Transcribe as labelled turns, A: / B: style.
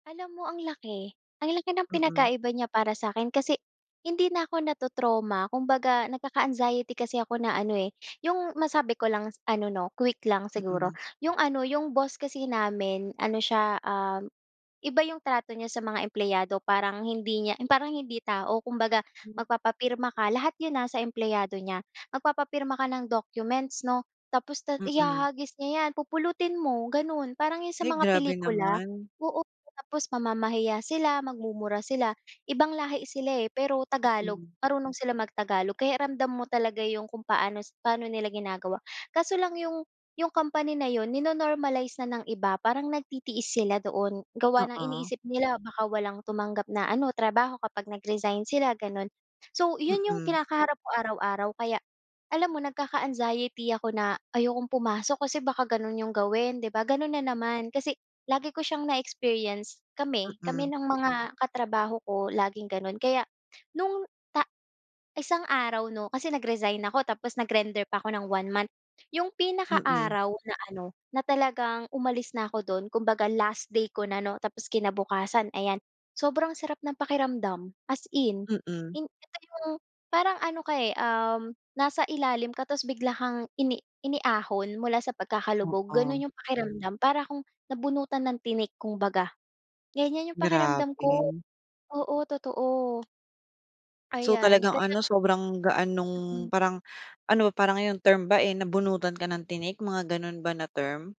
A: Alam mo ang laki, ang laki ng
B: Mm.
A: pinagkaiba niya para sa'kin kasi hindi na ako nato-trauma. Kumbaga nagkaka-anxiety kasi ako na ano, eh, yung masabi ko lang ano 'no, quick lang siguro.
B: Mm.
A: Yung ano, yung boss kasi namin ano siya, um, iba yung trato niya sa mga empleyado parang hindi niya yung parang hindi tao. Kumbaga
B: Hmm.
A: magpapapirma ka lahat yun ha sa empleyado niya. Magpapapirma ka ng documents 'no, tapos no'n
B: Mm.
A: ihahagis niya yan pupulutin mo gano'n, parang yung sa
B: Ay,
A: mga
B: grabe
A: pelikula,
B: naman.
A: oo. Tapos mamamahiya sila, magmumura sila, ibang lahi sila, eh, pero Tagalog
B: Mm.
A: marunong silang mag-Tagalog kaya ramdam mo talaga yung kung paano si paano nila ginagawa. Kaso lang yung yung company na yun ni no-normalize na ng iba parang nagtitiis sila doon. Gawa ng
B: Oo.
A: iniisip nila baka walang tumanggap na ano trabaho kapag nag-resign sila gano'n. So yun yung
B: Mm.
A: kinakaharap ko araw-araw kaya alam mo nagkaka-anxiety ako na ayokong pumasok kasi baka gano'n yung gawin, di ba, gano'n na naman, kasi lagi ko siyang na-experience kami, kami
B: Mm.
A: ng mga katrabaho ko laging gano'n kaya nung ta isang araw 'no, kasi nag-resign ako tapos nag-render pa ako ng 1 month. Yung pinaka
B: Mm.
A: araw na ano, na talagang umalis na ako do'n kumbaga last day ko na 'no, tapos kinabukasan ayan, sobrang sarap ng pakiramdam, as in.
B: Mm.
A: Hin ito yung parang ano ka, eh, um, nasa ilalim ka tapos bigla kang ini iniahon mula sa pagkakalubog,
B: Oo.
A: gano'n yung pakiramdam. Para akong nabunutan ng tinik kumbaga. Ganyan yung pakiramdam ko,
B: Grabe.
A: oo totoo.
B: So,
A: Ayan,
B: talagang
A: kaya
B: ano, sobrang gaan nung
A: Mm.
B: parang ano parang yung term ba, eh, nabunutan ka ng tinik, mga gano'n ba na term?